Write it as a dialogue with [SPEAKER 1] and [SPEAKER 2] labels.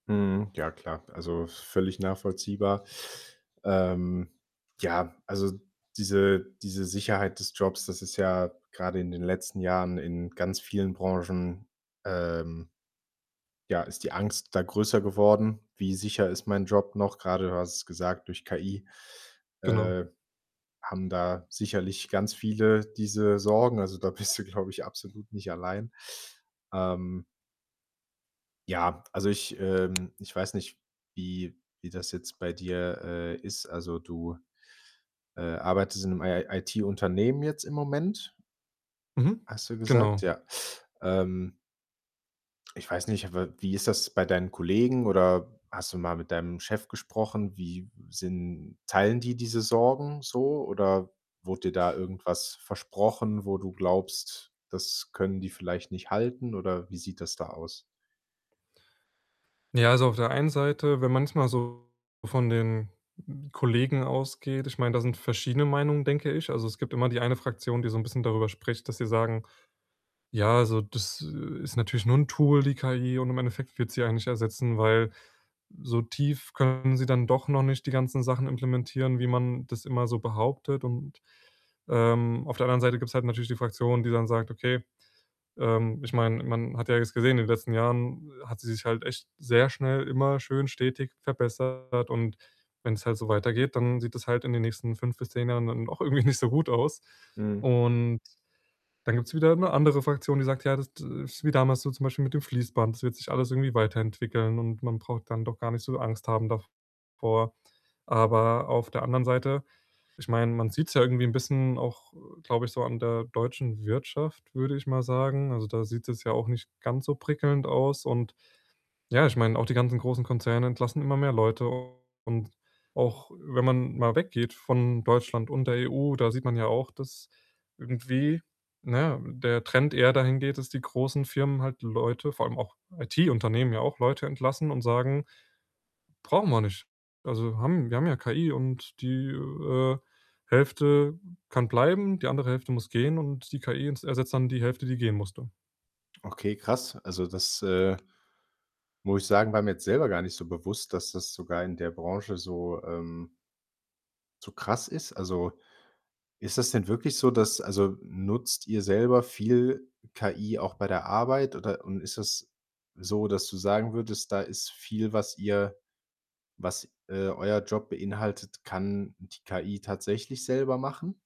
[SPEAKER 1] Mhm, ja klar, also, völlig nachvollziehbar. Ähm, ja, also, diese diese Sicherheit des Jobs, das ist ja grade in den letzten Jahren in ganz vielen Branchen, ähm, ja ist die Angst da größer geworden. Wie sicher ist mein Job noch? Gerade, du hast es gesagt, durch KI,
[SPEAKER 2] Genau.
[SPEAKER 1] äh, haben da sicherlich ganz viele diese Sorgen, also, da bist du, glaube ich, absolut nicht allein. Ähm ja, also ich, ähm ich weiß nicht, wie wie das jetzt bei dir, äh, ist, also du, äh, arbeitest im 'n I IT-Unternehmen jetzt im Moment
[SPEAKER 2] Mhm,
[SPEAKER 1] hast du gesagt,
[SPEAKER 2] genau.
[SPEAKER 1] ja. Ähm ich weiß nicht, aber wie ist das bei deinen Kollegen oder hast du mal mit deinem Chef gesprochen? Wie sind teilen die diese Sorgen so oder wurde dir da irgendwas versprochen, wo du glaubst, das können die vielleicht nicht halten oder wie sieht das da aus?
[SPEAKER 2] Ja, also, auf der einen Seite, wenn manchmal so von den, hm, Kollegen ausgeht ich meine, da sind verschiedene Meinungen, denke ich. Also, es gibt immer die eine Fraktion, die so 'n bisschen darüber spricht, dass sie sagen: „Ja, also, das, äh, ist natürlich nur 'n Tool die KI und im Endeffekt wird sie einen nicht ersetzen, weil so tief können sie dann doch noch nicht die ganzen Sachen implementieren, wie man das immer so behauptet“ und, ähm, auf der anderen Seite gibt's halt natürlich die Fraktion, die dann sagt: „Okay, ähm, ich meine, man hat ja jetzt gesehen, in den letzten Jahren hat sie sich halt echt sehr schnell immer schön stetig verbessert und wenn's halt so weitergeht, dann sieht das halt in den nächsten 5 bis 10 Jahren dann auch irgendwie nicht so gut aus.“
[SPEAKER 1] Mhm.
[SPEAKER 2] Und dann gibt's wieder 'ne andere Fraktion, die sagt: „Ja, das ist wie damals so zum Beispiel mit dem Fließband, das wird sich alles irgendwie weiterentwickeln und man braucht dann doch gar nicht so Angst haben davor.” Aber auf der anderen Seite ich meine, man sieht's ja irgendwie 'n bisschen auch, glaube ich, so an der deutschen Wirtschaft, würde ich mal sagen, also, da sieht's jetzt ja auch nicht ganz so prickelnd aus und ja, ich meine, auch die ganzen großen Konzerne entlassen immer mehr Leute, und auch wenn man mal weggeht von Deutschland und der EU, da sieht man ja auch, dass irgendwie, na ja, der Trend eher dahin geht, dass die großen Firmen halt Leute, vor allem auch IT-Unternehmen ja auch, Leute entlassen und sagen: „Brauchen wir nicht, also haben wir haben ja KI und die, äh, Hälfte kann bleiben, die andere Hälfte muss gehen”, und die KI ents ersetzt dann die Hälfte, die gehen musste.
[SPEAKER 1] Okay, krass. Also das, äh muss ich sagen, war mir jetzt selber gar nicht so bewusst, dass das sogar in der Branche so, ähm so zu krass ist. Also, ist das denn wirklich so, dass also, nutzt ihr selber viel KI auch bei der Arbeit oder und ist das so, dass du sagen würdest, da ist viel, was ihr was, äh, euer Job beinhaltet kann die KI tatsächlich selber machen?